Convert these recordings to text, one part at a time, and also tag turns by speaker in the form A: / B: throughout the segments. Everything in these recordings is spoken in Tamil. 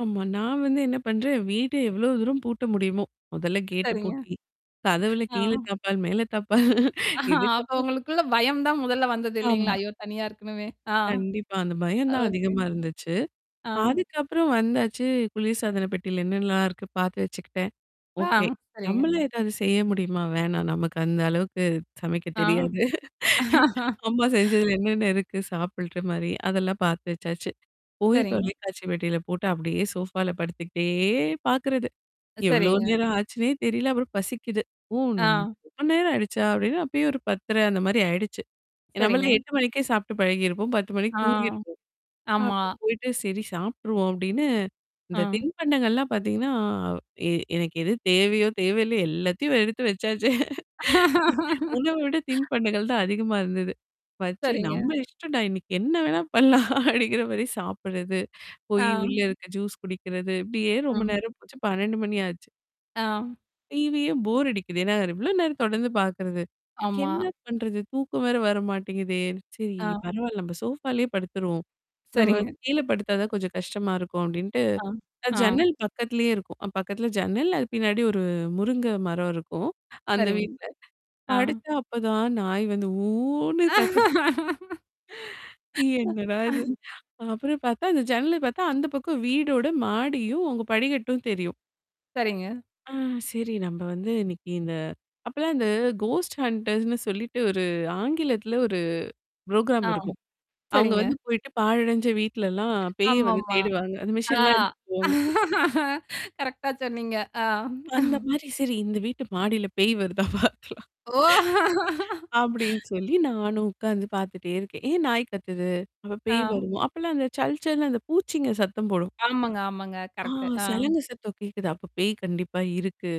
A: ஆமா. நான் வந்து என்ன பண்றேன் வீட்ட எவ்ளோ தூரம் பூட்ட முடியுமோ, மதல்ல கேட்டு
B: சரிங்க.
A: பூட்டி. கதவுல
B: ஆ.
A: கீழே தாப்பாள், மேல தாப்பாள்.
B: அப்ப
A: இதுக்கப்புறம்
B: உங்களுக்குள்ள பயம் தான் முதல்ல வந்தது
A: ஆமா.
B: இல்லலைங்களா? ஐயோ! தனியா இருக்கணுமே. ஆ.
A: கண்டிப்பா. அந்த பயம் தான்
B: ஓகே.
A: அதிகமா இருந்துச்சு.
B: ஆ.
A: அதுக்கப்புறம் வந்தாச்சு, குளிர் சாதன பெட்டியில என்னலா இருக்கு? பார்த்து வச்சுக்கிட்டேன்.
B: ஆ.
A: ஓகே.
B: சரிங்க.
A: நம்மளா ஏதாவது செய்ய முடியுமா? வேணாம். நமக்கு அந்த அளவுக்கு சமைக்க
B: ஆ.
A: தெரியாது. அம்மா செஞ்சதுல என்னென்ன இருக்கு? சாப்புடுற மாரி? அதெல்லாம் பார்த்து வச்சாச்சு. போய்
B: சரிங்க.
A: தொலைக்காட்சி பெட்டியில போட்டு அப்படியே சோஃபால படுத்துக்கிட்டே பாார்க்குறது. எவ்ளோ
B: சரிங்க.
A: நேரம் ஆச்சுன்னே தெரியல. அப்புறம் பசிக்குது. ஓ! நம்
B: ஆ.
A: ரொம்ப நேரம் ஆயிடுச்சா? அப்டின்னு அப்பயே ஒரு 10 1/2 அந்த மாரி ஆயிடுச்சு. நம்மள
B: சரிங்க.
A: 8 மணிக்கே சாப்ட்டு பழகியிருப்போம். 10 மணிக்கு
B: ஆ.
A: தூங்கிருப்போம்.
B: ஆமா.
A: அப்ப போயிட்டு சரி சாப்ட்ருவோம் அப்டின்னு. இந்த
B: ஆ.
A: தின்பண்டங்கள்லாம் பார்த்தீங்கன்னா எ எனக்கு எது தேவையோ, தேவையில்ல எல்லாத்தையும் எடுத்து வச்சாச்சே. உணவை விட தின் பண்டகள் தான் அதிகமா இருந்தது. பச்சே
B: சரிங்க.
A: நம்ம இஷ்டம்டா இன்னைக்கு என்ன வேணா பண்ணலாம்? அப்படிங்கிற மாரி சாப்படுறது.
B: ஆ.
A: போய் உள்ள இருக்க ஜூஸ் குடிக்கிறது. இப்படியே
B: ஆ.
A: ரொம்ப நேரம் போச்சு. 12 மணி ஆச்சு.
B: ஆ.
A: டிவியும் போர் அடிக்குது. ஏன்னா எவ்ளோ நேரம் தொடர்ந்து பார்க்குறது?
B: ஆமா.
A: என்ன பண்றது? தூக்கம் வேற வர மாட்டேங்குதே! சரி
B: ஆ.
A: பரவால்ல. நம்ம சோஃபாலயே படுத்துருவோம். நம்ம
B: சரிங்க.
A: கீழ படுத்தா தான் கொஞ்சம் கஷ்டமா இருக்கும் அப்டின்ட்டு.
B: ஆ.
A: அ
B: ஆ.
A: ஜன்னல் பக்கத்திலேயே இருக்கும். பக்கத்தில ஜன்னல் அது பின்னாடி ஒரு முருங்க மரம் இருக்கும். அந்த
B: சரிங்க.
A: வீட்ல.
B: ஆ.
A: படுத்தா அப்பதான் நாயி வந்து ஊன்னு கத்த என்னடா இது. அப்புறம் பார்த்தா அந்த ஜன்னல பார்த்தா அந்த பக்கம் வீடோட மாடியும், அவங்க படிகட்டும் தெரியும்.
B: சரிங்க.
A: ஆ. சரி நம்ப வந்து இன்னைக்கு இந்த அப்பலாம் அந்த கோஸ்ட் ஹன்டர்ஸ்ன்னு சொல்லிட்டு ஒரு ஆங்கிலத்தில ஒரு புரோகிராம்
B: ஆ.
A: இருக்கும். அவங்க
B: சரிங்க.
A: வந்து போயிட்டு பாழடைஞ்ச வீட்லலாம் பேய வந்து
B: ஆமாமா.
A: தேடுவாங்க. அந்த
B: ஆ
A: மிஷின்லாம் எடுத்துட்டு போவாங்க.
B: கரெக்ட்டா சொன்னீங்க. ஆ.
A: அந்த
B: ம்.
A: மாரி சரி இந்த வீட்டு மாடியில பேய் வருதா பார்த்துக்கலாம்.
B: ஓ!
A: அ. அப்டின்னு சொல்லி நானும் உட்காந்து பார்த்துட்டே இருக்கேன். ஏன் நாயி கத்துது? அப்ப பேய்
B: ஆ.
A: வருமோ. அப்பலாம் அந்த சல் சல்ன்னு அந்த பூச்சிங்க சத்தம் போடும்.
B: ஆமாங்க, ஆமாங்க.
A: ஆ
B: கரெக்ட். ஆ.
A: சலங்கு சத்தம் கேக்குது. அப்ப பேய் கண்டிப்பா இருக்கு.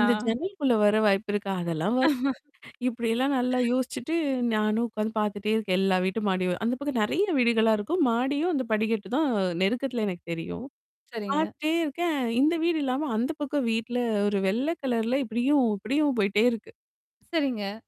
A: இந்த ஜன்னலுக்குள்ள வர வாய்ப்பு இருக்கா? அதெல்லாம் வ இப்டில்லாம் நல்லா யோசிச்சுட்டு நானும் உட்காந்து பார்த்துட்டே இருக்கேன். எல்லா வீட்டும் மாடியும். அந்த பக்கம் நெறைய வீடுகளா இருக்கும். மாடியும் அந்த படிகட்டு தான் அ நெருக்கத்துல எனக்கு தெரியும்.
B: சரிங்க.
A: பார்த்துட்டே இருக்கேன். இந்த வீடு இல்லாம அந்த பக்கம் வீட்ல ஒரு வெள்ளை கலர்ல இப்படியும் அப்படியும் போயிட்டே இருக்கு.
B: சரிங்க.